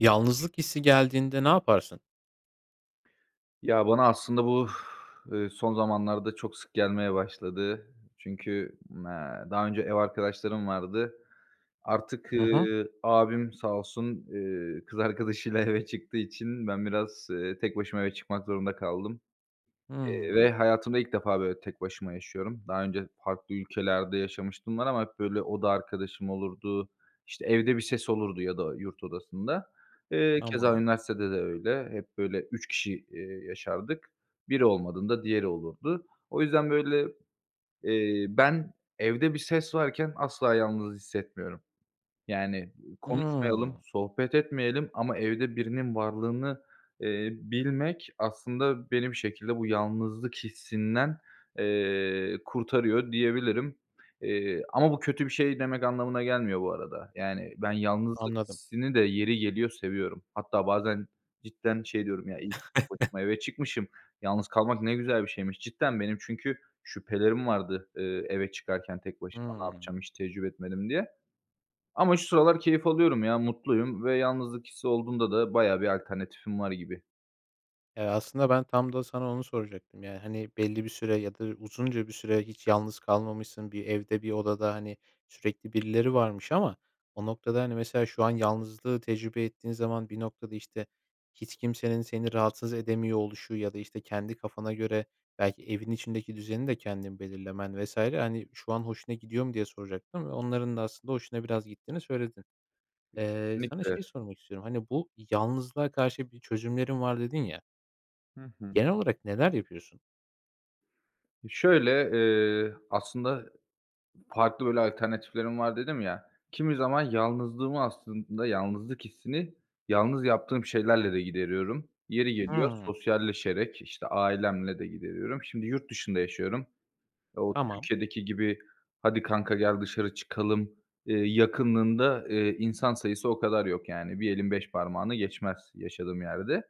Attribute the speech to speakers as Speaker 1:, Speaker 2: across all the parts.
Speaker 1: Yalnızlık hissi geldiğinde ne yaparsın?
Speaker 2: Ya, bana aslında bu, eee, son zamanlarda çok sık gelmeye başladı, çünkü, eee, daha önce ev arkadaşlarım vardı. Artık,
Speaker 1: Hı hı.
Speaker 2: ııı, abim sağ olsun, eee, kız arkadaşıyla eve çıktığı için ben biraz, eee, tek başıma eve çıkmak zorunda kaldım, eee, ve
Speaker 1: Hıı.
Speaker 2: hayatımda ilk defa böyle tek başıma yaşıyorum. Daha önce farklı ülkelerde yaşamışlığım var ama hep, böyle, oda arkadaşım olurdu, işte, evde bir ses olurdu ya da yurt odasında. Eee, keza
Speaker 1: Tamam.
Speaker 2: üniversitede de öyle. Hep böyle 3 kişi eee, yaşardık. Biri olmadığında diğeri olurdu. O yüzden, böyle, eee, ben evde bir ses varken asla yalnız hissetmiyorum. Yani, konuşmayalım,
Speaker 1: Hıı.
Speaker 2: sohbet etmeyelim ama evde birinin varlığını, eee, bilmek aslında beni bir şekilde bu yalnızlık hissinden, eee, kurtarıyor diyebilirim. Eee, ama bu kötü bir şey demek anlamına gelmiyor bu arada. Yani, ben yalnızlık
Speaker 1: Anladım.
Speaker 2: hissini de yeri geliyor seviyorum. Hatta bazen cidden şey diyorum: "Ya, iyi ki tek başıma eve çıkmışım. Yalnız kalmak ne güzel bir şeymiş." Cidden benim çünkü şüphelerim vardı, ııı, eve çıkarken tek başıma. Ne
Speaker 1: Hıı.
Speaker 2: yapacağım hiç tecrübe etmedim diye. Ama şu sıralar keyif alıyorum ya, mutluyum ve yalnızlık hissi olduğunda da bayağı bir alternatifim var gibi.
Speaker 1: Eee, aslında ben tam da sana onu soracaktım. Ya, hani, belli bir süre ya da uzunca bir süre hiç yalnız kalmamışsın. Bir evde bir odada, hani, sürekli birileri varmış. Ama o noktada, hani, mesela şu an yalnızlığı tecrübe ettiğin zaman bir noktada, işte, hiç kimsenin seni rahatsız edemiyor oluşu ya da, işte, kendi kafana göre belki evin içindeki düzeni de kendin belirlemen vs. hani, şu an hoşuna gidiyor mu diye soracaktım ve onların da aslında hoşuna biraz gittiğini söyledin.
Speaker 2: E,
Speaker 1: Eee, sana
Speaker 2: kesinlikle!
Speaker 1: şeyi sormak istiyorum, hani, bu yalnızlığa karşı bir çözümlerim var dedin ya.
Speaker 2: Hı hı.
Speaker 1: Genel olarak neler yapıyorsun?
Speaker 2: E, şöyle, eee, aslında farklı, böyle, alternatiflerim var dedim ya. Kimi zaman yalnızlığımı aslında, yalnızlık hissini yalnız yaptığım şeylerle de gideriyorum. Yeri geliyor
Speaker 1: Hımm.
Speaker 2: sosyalleşerek, işte, ailemle de gideriyorum. Şimdi yurt dışında yaşıyorum. Ooo,
Speaker 1: Tamam.
Speaker 2: Türkiye'deki gibi hadi kanka gel dışarı çıkalım, eee, yakınlığında, eee, insan sayısı o kadar yok, yani. Bir elin 5 parmağını geçmez yaşadığım yerde.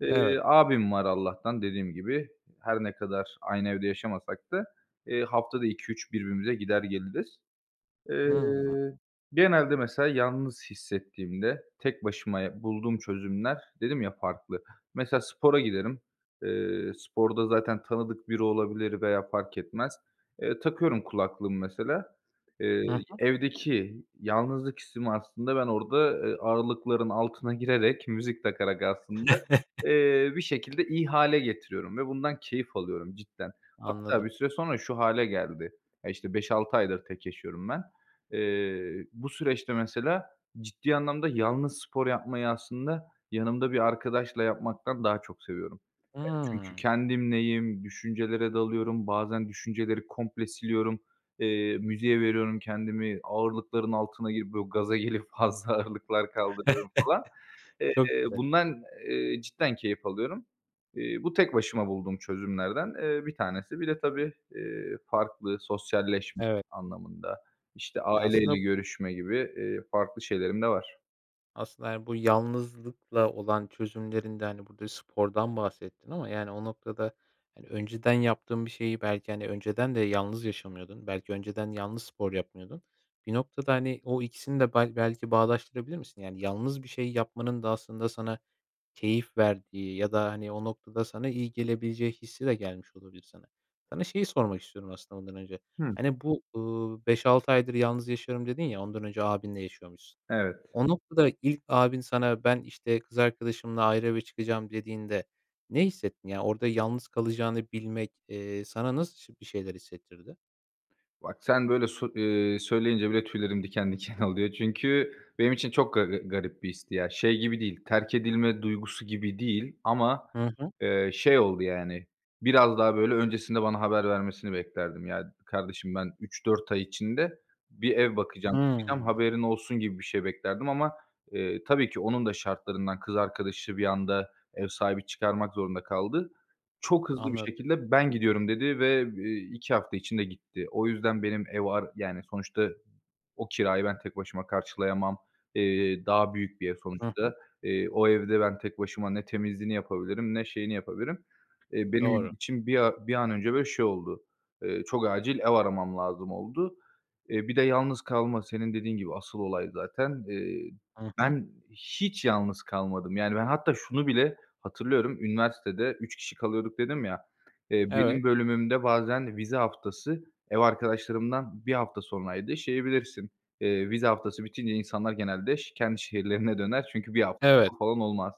Speaker 2: Eee,
Speaker 1: Evet.
Speaker 2: abim var Allah'tan dediğim gibi. Her ne kadar aynı evde yaşamasak da, eee, haftada 2-3 birbirimize gider geliriz. Eee,
Speaker 1: Hımm.
Speaker 2: genelde mesela yalnız hissettiğimde tek başıma ya bulduğum çözümler, dedim ya farklı. Mesela spora giderim. Eee, sporda zaten tanıdık biri olabilir veya fark etmez. Eee, takıyorum kulaklığımı mesela. Eee,
Speaker 1: Hı
Speaker 2: y
Speaker 1: hı.
Speaker 2: evdeki yalnızlık hissimi aslında ben orada, eee, ağırlıkların altına girerek, müzik takarak aslında, eee, bir şekilde iyi hâle getiriyorum ve bundan keyif alıyorum cidden. Hatta
Speaker 1: Anladım.
Speaker 2: bir süre sonra şu hâle geldi. Ya, işte, 5-6 aydır tek yaşıyorum ben. Eee, bu süreçte mesela ciddi anlamda yalnız spor yapmayı aslında yanımda bir arkadaşla yapmaktan daha çok seviyorum. E çünkü
Speaker 1: Imm.
Speaker 2: kendimleyim. Düşüncelere dalıyorum, bazen düşünceleri komple siliyorum. Eee, müziğe veriyorum kendimi, ağırlıkların altına girip, böyle, gaza gelip fazla ağırlıklar kaldırıyorum falan.
Speaker 1: Çok
Speaker 2: Eee,
Speaker 1: güzel.
Speaker 2: bundan, eee, cidden keyif alıyorum. Eee, bu tek başıma bulduğum çözümlerden, eee, bir tanesi. Bir de tabii, eee, farklı sosyalleşme
Speaker 1: Evet.
Speaker 2: anlamında, işte,
Speaker 1: Ya aslında
Speaker 2: aileyle
Speaker 1: b
Speaker 2: görüşme gibi, eee, farklı şeylerim de var.
Speaker 1: Aslında, yani, bu yalnızlıkla olan çözümlerinde, hani, burada spordan bahsettin ama, yani, o noktada, hani, önceden yaptığın bir şeyi belki, hani, önceden de yalnız yaşamıyordun. Belki önceden yalnız spor yapmıyordun. Bir noktada, hani, o ikisini de bel belki bağdaştırabilir misin? Yani, yalnız bir şey yapmanın da aslında sana keyif verdiği ya da, hani, o noktada sana iyi gelebileceği hissi de gelmiş olabilir sana. Sana şeyi sormak istiyorum aslında ondan önce,
Speaker 2: Hıh.
Speaker 1: hani bu, ııı, 5-6 aydır yalnız yaşıyorum dedin ya, ondan önce abinle yaşıyormuşsun.
Speaker 2: Evet.
Speaker 1: O noktada ilk abin sana ben, işte, kız arkadaşımla ayrı eve çıkacağım dediğinde ne hissettin? Ya orada yalnız kalacağını bilmek, eee, sana nasıl ş bir şeyler hissettirdi?
Speaker 2: Bak sen böyle sö ııı, söyleyince bile tüylerim diken diken oluyor çünkü benim için çok ga garip bir histi ya. Şey gibi değil, terk edilme duygusu gibi değil ama,
Speaker 1: Hı hı.
Speaker 2: eee, şey oldu, yani, biraz daha böyle öncesinde bana haber vermesini beklerdim. "Ya, kardeşim ben, 3-4 ay içinde bir ev bakacağım, çıkacağım
Speaker 1: Hıı.
Speaker 2: haberin olsun." gibi bir şey beklerdim ama, eee, tabii ki onun da şartlarından... kız arkadaşı bir anda ev sahibi çıkarmak zorunda kaldı. Çok hızlı bir
Speaker 1: Anladım.
Speaker 2: şekilde: "Ben gidiyorum." dedi, ve, eee, 2 hafta içinde gitti. O yüzden benim ev ar yani, sonuçta o kirayı ben tek başıma karşılayamam. Eee, daha büyük bir ev
Speaker 1: Hı hı.
Speaker 2: sonuçta. Eee, o evde ben tek başıma ne temizliğini yapabilirim, ne şeyini yapabilirim. Eee benim
Speaker 1: Doğru.
Speaker 2: için bir a bir an önce bir şey oldu. Eee, çok acil ev aramam lazım oldu. Eee, bir de yalnız kalma senin dediğin gibi asıl olay zaten. Eee,
Speaker 1: Hı hı.
Speaker 2: ben hiç yalnız kalmadım, yani, ben hatta şunu bile hatırlıyorum, üniversitede 3 kişi kalıyorduk dedim ya, eee, benim
Speaker 1: Evet.
Speaker 2: bölümümde bazen vize haftası ev arkadaşlarımdan 1 hafta sonraydı şeyi bilirsin, eee, vize haftası bitince insanlar genelde ş kendi şehirlerine döner çünkü 1 hafta
Speaker 1: Evet.
Speaker 2: [unintelligible] falan olmaz.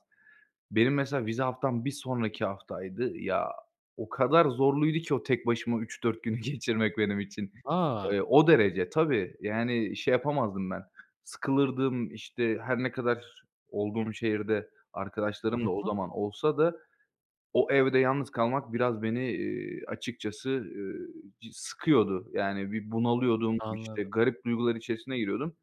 Speaker 2: Benim mesela vize haftam 1 sonraki haftaydı, ya, o kadar zorluydu ki o tek başıma 3-4 günü geçirmek benim için.
Speaker 1: A!
Speaker 2: Eee, o derece tabii, yani, şey, yapamazdım ben sıkılırdım, işte, her ne kadar olduğum şehirde arkadaşlarım da
Speaker 1: Hı
Speaker 2: o
Speaker 1: hı.
Speaker 2: zaman olsa da, o evde yalnız kalmak biraz beni, eee, açıkçası, ııı, sıkıyordu. Yani, bir bunalıyordum, işte,
Speaker 1: Anladım.
Speaker 2: garip duygular içerisine giriyordum.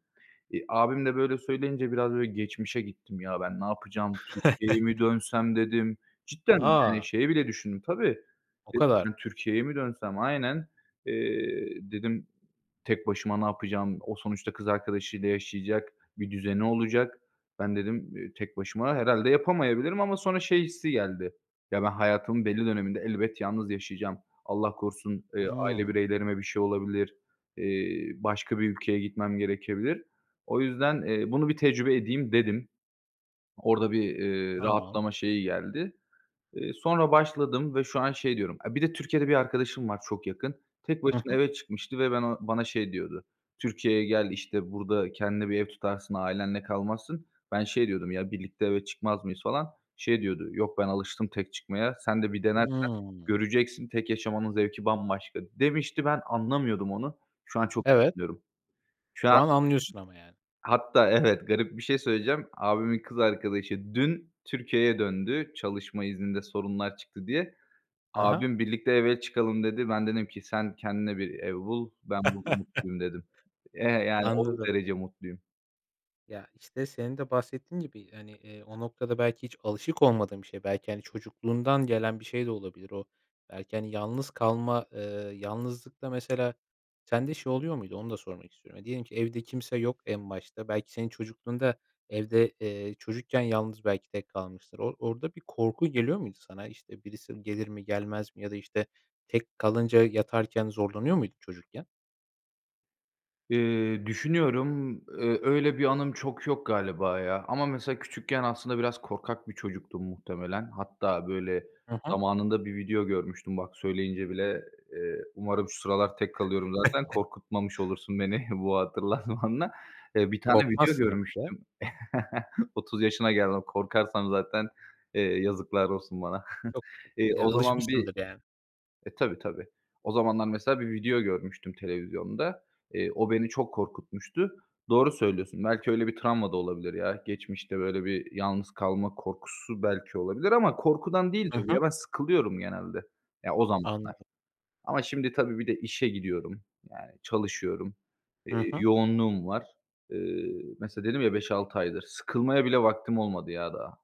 Speaker 2: Eee, abim de böyle söyleyince biraz böyle geçmişe gittim: "Ya, ben ne yapacağım, Türkiye'ye mi dönsem?" dedim. Cidden, yani,
Speaker 1: A!
Speaker 2: şeyi bile düşündüm tabii.
Speaker 1: O
Speaker 2: Dedim:"
Speaker 1: kadar.
Speaker 2: [unintelligible] Türkiye'ye mi dönsem?" Aynen. Eee, dedim tek başıma ne yapacağım? O sonuçta kız arkadaşıyla yaşayacak, bir düzeni olacak. "Ben" dedim, eee, "Tek başıma herhâlde yapamayabilirim." ama sonra şey hissi geldi. Ya, ben hayatımın belli döneminde elbet yalnız yaşayacağım. Allah korusun, eee, aile
Speaker 1: Hıı.
Speaker 2: bireylerime bir şey olabilir, eee, başka bir ülkeye gitmem gerekebilir. O yüzden, eee, bunu bir tecrübe edeyim dedim. Orada bir eee,
Speaker 1: Tamam.
Speaker 2: rahatlama şeyi geldi. Eee, sonra başladım ve şu an şey diyorum e, bir de Türkiye'de bir arkadaşım var çok yakın. Tek
Speaker 1: Hı
Speaker 2: başına
Speaker 1: hı.
Speaker 2: eve çıkmıştı ve ben o bana şey diyordu: "Türkiye'ye gel." işte, "Burada kendine bir ev tutarsın, ailenle kalmazsın." Ben şey diyordum: "Ya, birlikte eve çıkmaz mıyız" falan. Şey diyordu: "Yok ben alıştım tek çıkmaya, sen de bir denersen
Speaker 1: Hıı.
Speaker 2: göreceksin tek yaşamanın zevki bambaşka" demişti, ben anlamıyordum onu. Şu an çok.
Speaker 1: Evet.
Speaker 2: [unintelligible] Şu an
Speaker 1: Şu
Speaker 2: eee,
Speaker 1: an anlıyorsun ama, yani.
Speaker 2: hatta evet garip bir şey söyleyeceğim. Abimin kız arkadaşı dün Türkiye'ye döndü, çalışma izninde sorunlar çıktı diye.
Speaker 1: Hı hı.
Speaker 2: Abim: "Birlikte eve çıkalım." dedi. Ben dedim ki: "Sen kendine bir ev bul, ben burada mutluyum." dedim. Eee, yani, o
Speaker 1: Anladım.
Speaker 2: derece mutluyum.
Speaker 1: Ya, işte, senin de bahsettiğin gibi, hani, eee, o noktada belki hiç alışık olmadığın bir şey. Belki, hani, çocukluğundan gelen bir şey de olabilir o. Belki, hani, yalnız kalma, eee, yalnızlıkta mesela sende şey oluyor muydu, onu da sormak istiyorum. Diyelim ki, evde kimse yok en başta. Belki, senin çocukluğunda evde, eee, çocukken yalnız belki tek kalmıştır. O orada bir korku geliyor muydu sana? İşte, birisi gelir mi gelmez mi ya da, işte, tek kalınca yatarken zorlanıyor muydun çocukken?
Speaker 2: Eee, düşünüyorum, ııı, öyle bir anım çok yok galiba ya ama mesela küçükken aslında biraz korkak bir çocuktum muhtemelen. Hatta, böyle,
Speaker 1: Hı hı.
Speaker 2: zamanında bir video görmüştüm bak söyleyince bile, eee, umarım şu sıralar tek kalıyorum zaten, korkutmamış olursun beni bu hatırlatmanla. Eee, 1 tane video
Speaker 1: Korkmazsın artık ya.
Speaker 2: görmüştüm. 30 yaşına geldim. Korkarsam zaten, eee, yazıklar olsun bana.
Speaker 1: Yok,
Speaker 2: Eee,
Speaker 1: ya,
Speaker 2: o zaman bir
Speaker 1: alışmışsındır yani.
Speaker 2: E tabii tabii. O zamanlar mesela bir video görmüştüm televizyonda. Eee, o beni çok korkutmuştu. Doğru söylüyorsun. Belki, öyle bir travma da olabilir ya. Geçmişte böyle bir yalnız kalma korkusu belki olabilir ama korkudan değildir
Speaker 1: Hı
Speaker 2: bu
Speaker 1: hı.
Speaker 2: ya. Ben sıkılıyorum genelde, ya o zamanlar.
Speaker 1: Anladım.
Speaker 2: Ama şimdi tabii bir de işe gidiyorum, yani, çalışıyorum,
Speaker 1: Hı
Speaker 2: eee,
Speaker 1: hı.
Speaker 2: yoğunluğum var. Iıı mesela dedim ya, 5-6 aydır. Sıkılmaya bile vaktim olmadı ya daha.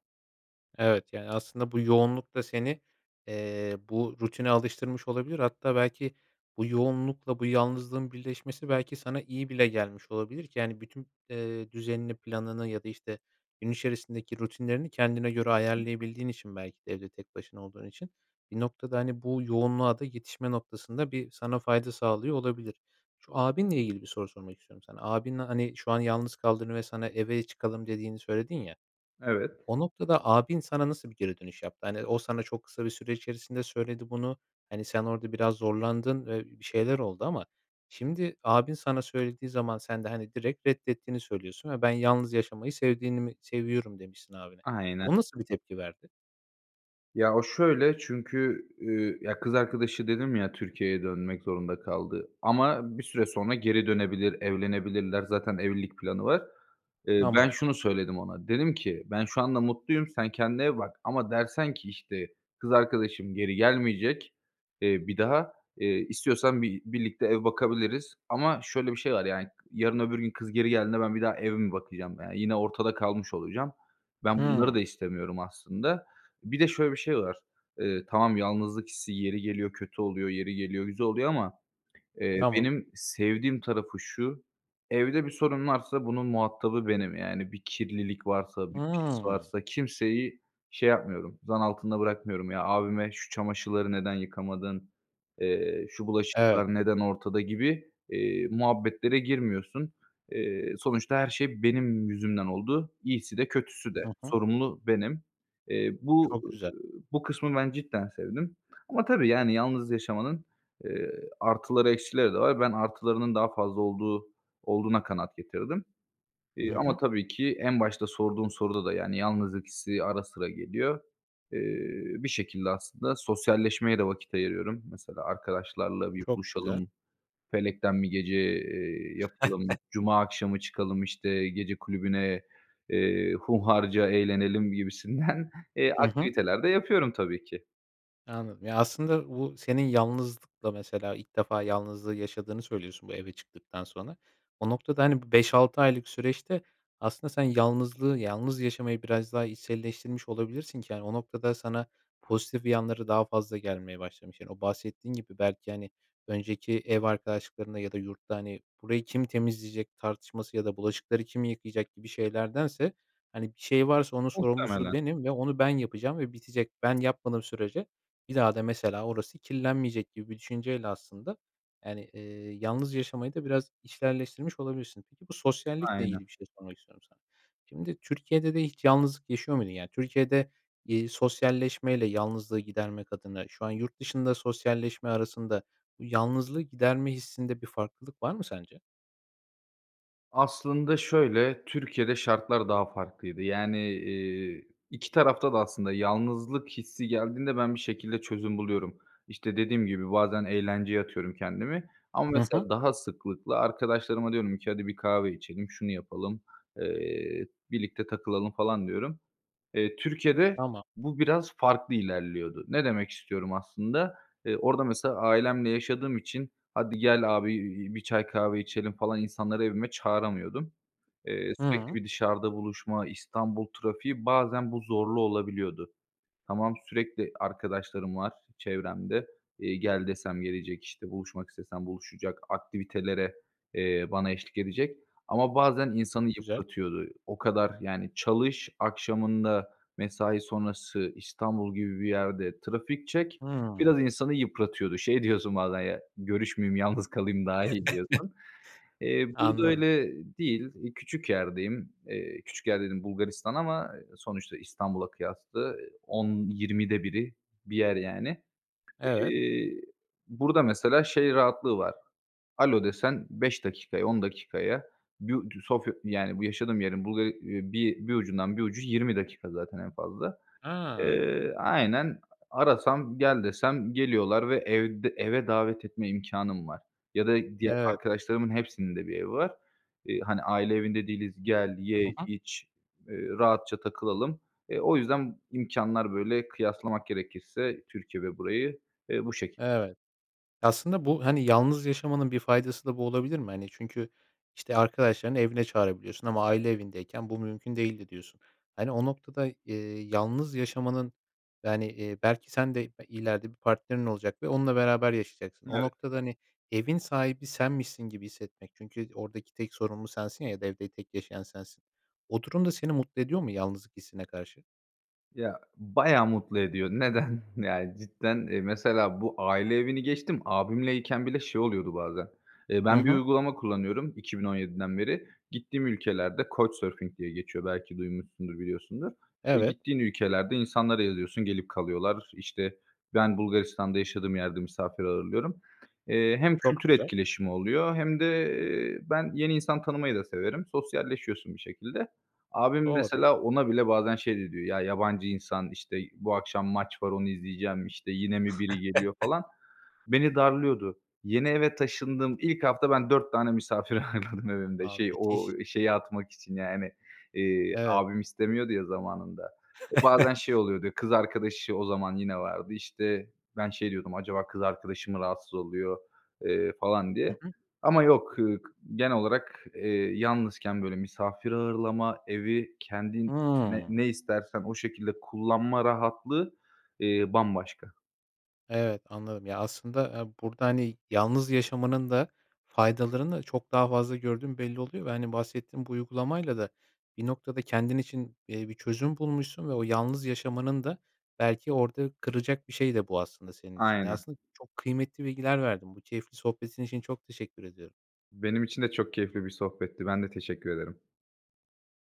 Speaker 1: Evet. Yani aslında bu yoğunluk da seni, eee, bu rutine alıştırmış olabilir. Hatta belki bu yoğunlukla bu yalnızlığın birleşmesi belki sana iyi bile gelmiş olabilir ki, hani, bütün, eee, düzenini, planını ya da, işte, gün içerisindeki rutinlerini kendine göre
Speaker 2: Hı hı.
Speaker 1: ayarlayabildiğin için belki de evde tek başına olduğun için. Bir noktada, hani, bu yoğunluğa da yetişme noktasında bir sana fayda sağlıyor olabilir. Şu abinle ilgili bir soru sormak istiyorum sana. Abinle, hani, şu an yalnız kaldığını ve sana, "Eve çıkalım." dediğini söyledin ya,
Speaker 2: Evet.
Speaker 1: o noktada abin sana nasıl bir geri dönüş yaptı? Hani, o sana çok kısa bir süre içerisinde söyledi bunu. Hani, sen orada biraz zorlandın, eee, bir şeyler oldu ama şimdi, abin sana söylediği zaman sen de, hani, direkt reddettiğini söylüyorsun ve ben yalnız yaşamayı sevdiğini mi seviyorum demişsin abine.
Speaker 2: Aynen.
Speaker 1: O nasıl bir tepki verdi?
Speaker 2: Ya, o şöyle çünkü, üüü, ya, kız arkadaşı dedim ya, Türkiye'ye dönmek zorunda kaldı. Ama bir süre sonra geri dönebilir, evlenebilirler. Zaten evlilik planı var. Eee, ben
Speaker 1: Tamam.
Speaker 2: şunu söyledim ona. Dedim ki "Ben şu anda mutluyum. Sen kendine ev bak ama dersen ki, işte, 'Kız arkadaşım geri gelmeyecek, eee, bir daha.' eee, istiyorsan bi birlikte ev bakabiliriz." ama şöyle bir şey var, yani, yarın öbür gün kız geri geldiğinde ben bir daha ev mi bakacağım, yani. Yine ortada kalmış olacağım. Ben bunları
Speaker 1: Hıı.
Speaker 2: da istemiyorum aslında. Bir de şöyle bir de şey var. Iıı, tamam yalnızlık hissi yeri geliyor kötü oluyor, yeri geliyor güzel oluyor ama, eee,
Speaker 1: Tamam.
Speaker 2: benim sevdiğim tarafı şu; evde bir sorun varsa bunun muhatabı benim. Yani, bir kirlilik varsa, bir pis
Speaker 1: Hıı.
Speaker 2: varsa kimseyi şey yapmıyorum, zan altında bırakmıyorum. Ya, abime, "Şu çamaşırları neden yıkamadın, eee, şu
Speaker 1: Evet.
Speaker 2: bulaşıklar neden ortada?" gibi, eee, muhabbetlere girmiyorsun. Eee, sonuçta her şey benim yüzümden oldu. İyisi de kötüsü de.
Speaker 1: Hı hı.
Speaker 2: Sorumlu benim. Eee, bu
Speaker 1: Çok
Speaker 2: eee,
Speaker 1: güzel.
Speaker 2: bu kısmı ben cidden sevdim. Ama tabii, yani, yalnız yaşamanın, eee, artıları, eksileri de var. Ben artılarının daha fazla olduğu olduğuna kanaat getirdim. Eee,
Speaker 1: Hı
Speaker 2: ama
Speaker 1: hı.
Speaker 2: tabii ki en başta sorduğun soruda da, yani, yalnızlık hissi ara sıra geliyor. Eee, bir şekilde aslında sosyalleşmeye de vakit ayırıyorum. Mesela, "Arkadaşlarla bir
Speaker 1: Çok güzel.
Speaker 2: buluşalım, felekten bir gece, eee, yapalım. Cuma akşamı çıkalım, işte, gece kulübüne, eee, hunharca eğlenelim." gibisinden, eee,
Speaker 1: Hı hı.
Speaker 2: aktiviteler de yapıyorum tabii ki.
Speaker 1: Anladım. Ya aslında bu senin yalnızlıkla mesela ilk defa yalnızlığı yaşadığını söylüyorsun bu eve çıktıktan sonra. O noktada, hani, bu 5-6 aylık süreçte aslında sen yalnızlığı, yalnız yaşamayı biraz daha içselleştirmiş olabilirsin ki, yani, o noktada, sana pozitif yanları daha fazla gelmeye başlamış. Yani, o bahsettiğin gibi belki, hani, önceki ev arkadaşlıklarında ya da yurtta, hani, burayı kim temizleyecek tartışması ya da bulaşıkları kim yıkayacak gibi şeylerdense, hani, bir şey varsa onun sorumlusu
Speaker 2: Muhtemelen.
Speaker 1: benim ve onu ben yapacağım ve bitecek. Ben yapmadığım sürece bir daha da mesela orası kirlenmeyecek gibi bir düşünceyle aslında, yani, eee, yalnız yaşamayı da biraz içselleştirmiş olabilirsin. Peki bu sosyallikle
Speaker 2: Aynen.
Speaker 1: ilgili bir şey sormak istiyorum sana. Şimdi Türkiye'de de hiç yalnızlık yaşıyor muydun? Yani, Türkiye'de, iii, sosyalleşmeyle yalnızlığı gidermek adına şu an yurt dışında sosyalleşme arasında bu yalnızlığı giderme hissinde bir farklılık var mı sence?
Speaker 2: Aslında şöyle, Türkiye'de şartlar daha farklıydı. Yani, iii, 2 tarafta da aslında yalnızlık hissi geldiğinde ben bir şekilde çözüm buluyorum. İşte, dediğim gibi bazen eğlenceye atıyorum kendimi ama
Speaker 1: Hı hı.
Speaker 2: mesela daha sıklıkla arkadaşlarıma diyorum ki: "Hadi bir kahve içelim, şunu yapalım, eee, birlikte takılalım." falan diyorum. Eee, Türkiye'de
Speaker 1: Tamam.
Speaker 2: bu biraz farklı ilerliyordu. Ne demek istiyorum aslında? Eee, orada mesela ailemle yaşadığım için: "Hadi gel abi, iii, bir çay kahve içelim." falan insanları evime çağıramıyordum. Eee, sürekli
Speaker 1: Hımm.
Speaker 2: bir dışarıda buluşma, İstanbul trafiği, bazen bu zorlu olabiliyordu. Tamam, sürekli arkadaşlarım var çevremde, iii, gel desem gelecek, işte, buluşmak istesem buluşacak, aktivitelere, eee, bana eşlik edecek ama bazen insanı
Speaker 1: Çok güzel.
Speaker 2: yıpratıyordu. O kadar, yani, çalış, akşamında mesai sonrası İstanbul gibi bir yerde trafik çek,
Speaker 1: Hımm.
Speaker 2: biraz insanı yıpratıyordu. Şey diyorsun bazen ya görüşmeyeyim, yalnız kalayım daha iyi diyorsun. Eee, burada
Speaker 1: Anladım.
Speaker 2: öyle değil. Eee, küçük yerdeyim. Eee, küçük yer dediğim Bulgaristan ama, eee, sonuçta İstanbul'a kıyaslı. 10-20'de 1'i bir yer, yani.
Speaker 1: Evet.
Speaker 2: İii, burada mesela şey rahatlığı var, alo desen 5 dakikaya, 10 dakikaya bir u Sofya, yani, bu yaşadığım yerin Bulga bir, eee, bir ucundan bir ucu 20 dakika zaten en fazla.
Speaker 1: A!
Speaker 2: Eee, aaa, aynen arasam, gel desem geliyorlar ve evd eve davet etme imkânım var ya da diğer
Speaker 1: Evet.
Speaker 2: arkadaşlarımın hepsinin de bir evi var. İii, hani, aile evinde değiliz, gel,
Speaker 1: Hı
Speaker 2: ye,
Speaker 1: hı.
Speaker 2: iç, eee, rahatça takılalım. Eee, o yüzden imkânlar böyle kıyaslamak gerekirse Türkiye ve burayı, eee, bu şekil.
Speaker 1: Evet, aslında bu, hani, yalnız yaşamanın bir faydası da bu olabilir mi? Hani, çünkü, işte, arkadaşlarını evine çağırabiliyorsun ama aile evindeyken bu mümkün değildi diyorsun. Hani, o noktada, iii, yalnız yaşamanın, yani, iii, belki sen de, iii, b ileride bir partnerin olacak ve onunla beraber yaşayacaksın. O
Speaker 2: Evet.
Speaker 1: noktada, hani, evin sahibi senmişsin gibi hissetmek, çünkü oradaki tek sorumlu sensin ya ya da evde tek yaşayan sensin. O durum da seni mutlu ediyor mu yalnızlık hissine karşı?
Speaker 2: Ya, bayağı mutlu ediyor. Neden? Yani, cidden, eee, mesela bu aile evini geçtim. Abimle iken bile şey oluyordu bazen. Eee,
Speaker 1: Hı
Speaker 2: ben bir
Speaker 1: hı.
Speaker 2: uygulama kullanıyorum 2017'den beri gittiğim ülkelerde Coachsurfing diye geçiyor, belki duymuşsundur, biliyorsundur.
Speaker 1: Evet.
Speaker 2: Gittiğin ülkelerde insanlara yazıyorsun, gelip kalıyorlar. İşte, ben Bulgaristan'da yaşadığım yerde misafir ağırlıyorum. Eee, hem
Speaker 1: Çok
Speaker 2: kültür
Speaker 1: güzel.
Speaker 2: etkileşimi oluyor hem de ben yeni insan tanımayı da severim, sosyalleşiyorsun bir şekilde. Abim
Speaker 1: Doğru.
Speaker 2: mesela ona bile bazen şey de diyor: "Ya, yabancı insan, işte, bu akşam maç var onu izleyeceğim, işte, yine mi biri geliyor" falan. Beni darlıyordu. Yeni eve taşındım. İlk hafta ben 4 tane misafir ağırladım evimde.
Speaker 1: A!
Speaker 2: Şey o
Speaker 1: Müthiş.
Speaker 2: şeyi atmak için yani, eee,
Speaker 1: Evet.
Speaker 2: abim istemiyordu ya zamanında. Bazen şey oluyordu kız arkadaşı o zaman yine vardı. İşte, ben şey diyordum, acaba kız arkadaşı mı rahatsız oluyor, eee, falan
Speaker 1: Hı
Speaker 2: diye.
Speaker 1: hı.
Speaker 2: Ama yok, ııı, genel olarak, eee, yalnızken böyle misafir ağırlama, evi, kendin ne
Speaker 1: Hıı.
Speaker 2: ne istersen o şekilde kullanma rahatlığı, eee, bambaşka.
Speaker 1: Evet anladım ya, aslında aaa, burada, hani, yalnız yaşamanın da faydalarını çok daha fazla gördüğün belli oluyor ve, hani, bahsettiğin bu uygulamayla da bir noktada kendin için, eee, bir çözüm bulmuşsun ve o yalnız yaşamanın da belki orada kıracak bir şey de bu aslında senin için. Ya,
Speaker 2: Aynen.
Speaker 1: aslında çok kıymetli bilgiler verdin. Bu keyifli sohbetin için çok teşekkür ediyorum.
Speaker 2: Benim için de çok keyifli bir sohbetti, ben de teşekkür ederim.